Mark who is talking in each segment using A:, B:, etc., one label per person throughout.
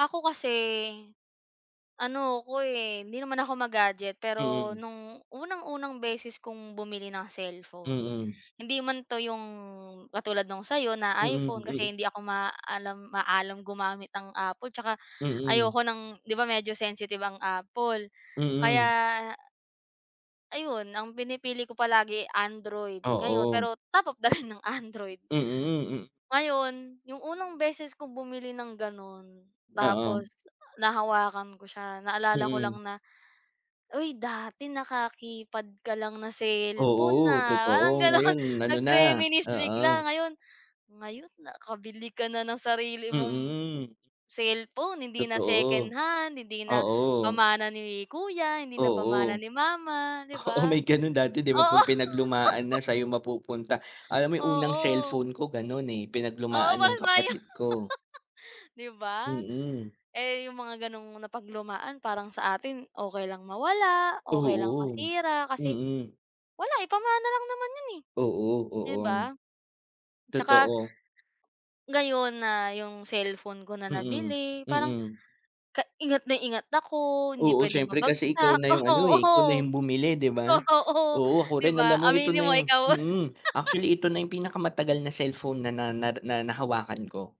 A: Ako kasi ano ako, eh. Hindi naman ako ma-gadget. Pero
B: Mm.
A: nung unang-unang beses kong bumili ng cellphone,
B: Mm.
A: hindi man 'to 'yong katulad nung sa'yo na
B: Mm,
A: iPhone. Kasi
B: mm.
A: hindi ako maalam maalam gumamit ng Apple tsaka
B: Mm.
A: ayoko ng di ba, medyo sensitive ang Apple
B: Mm.
A: kaya ayun ang pinipili ko palagi Android ngayon
B: Oo.
A: pero top of the line ang Android.
B: Mm, hmm.
A: Ngayon yung unang beses kong bumili ng ganun.
B: Oo.
A: Tapos nahawakan ko siya naalala ko lang
B: Mm.
A: na, "Uy, dati naka-keypad ka lang na cellphone,
B: Oo,
A: ah." Parang
B: totoo.
A: ganon
B: Ngayon ano na
A: nag-reminisce bigla
B: oo.
A: ngayon ngayon nakabili ka na ng sarili mong
B: Mm.
A: cellphone. Hindi na
B: Totoo,
A: secondhand, hindi na
B: oo.
A: pamana ni kuya, hindi na pamanan
B: Oo.
A: ni mama, 'di
B: Oo,
A: ba?
B: may ganun dati, di ba,
A: Oo.
B: 'pag pinaglumaan na sa'yo mapupunta. Alam mo yung unang
A: Oo.
B: cellphone ko ganun, eh,
A: Oo,
B: pinaglumaan ng
A: parehas tayo
B: kapatid ko.
A: di ba?
B: Mm.
A: Eh, yung mga ganong napaglumaan parang sa atin okey lang mawala, okey lang
B: Oo,
A: masira. Kasi
B: mm.
A: wala, eh, pamana lang naman yun, eh,
B: Oo,
A: di ba?
B: oo.
A: Tsaka
B: Totoo.
A: ngayon na yung cellphone ko na
B: Mm,
A: nabili parang
B: mm.
A: ka ingat na ingat ako. Hindi
B: Oo,
A: pwedeng
B: siyempre kasi ikaw
A: mabagsak,
B: na yung ano, eh, ikaw na
A: oo,
B: yung bumili, di ba?
A: totoo,
B: Oo, ako
A: di
B: rin.
A: ba?
B: Alam mo ito
A: Aminin
B: na
A: mo
B: yung
A: ikaw.
B: mm, actually ito na yung pinakamatagal na cellphone na na nar na nahawakan ko.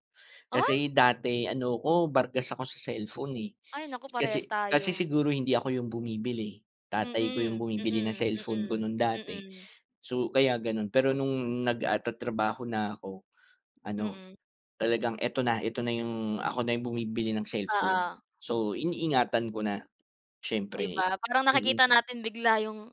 A: Ah.
B: Kasi dati ano ko bargas ako sa cellphone, eh.
A: Ay, naku parehas
B: Kasi kasi
A: tayo.
B: siguro hindi ako yung bumibili. Tatay ko yung
A: Mm,
B: bumibili ng
A: mm,
B: cellphone ko
A: mm,
B: nung dati.
A: mm.
B: So, kaya ganun pero nung nag ah, tatrabaho na ako ano,
A: Mm.
B: talagang ito na, ito na yung ako na yung bumibili ng cellphone.
A: Oo.
B: So, iniingatan ko na
A: Di
B: siyempre.
A: ba, parang
B: Mm.
A: nakikita natin bigla yung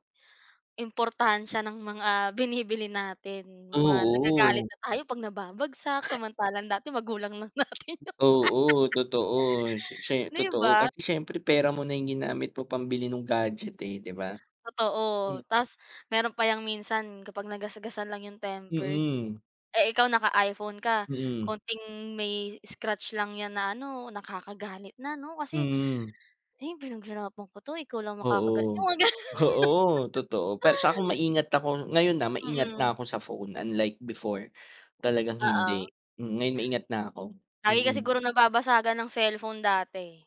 A: importansiya ng mga binibili natin, yong mga nagagalit
B: Oo.
A: na tayo 'pag nababagsak. Samantalang dati magulang lang natin yung
B: Oo, totoo siye siye
A: di
B: totoo
A: ba?
B: kasi siyempre pera mo na yung ginamit mo pambili nung gadget, eh, di ba?
A: Totoo.
B: Hmm.
A: Tas meron pa yang minsan kapag nagasgasan lang yung tempered.
B: Mm.
A: Eh, ikaw naka-iPhone ka
B: Mm.
A: konting may scratch lang yan na ano, nakakagalit na, no? Kasi,
B: Mm.
A: "Eh, pinaghirapan ko to. Ikaw lang makakaga"
B: Oo.
A: yung mga ga
B: Oo, totoo para sa kom maingat ako ngayon, ah, maingat na
A: Mm.
B: ako sa phone unlike before. Talagang
A: Oo.
B: hindi, mm, ngayon naingat na ako,
A: Lagi ka
B: mm.
A: siguro nababasagan ng cellphone dati.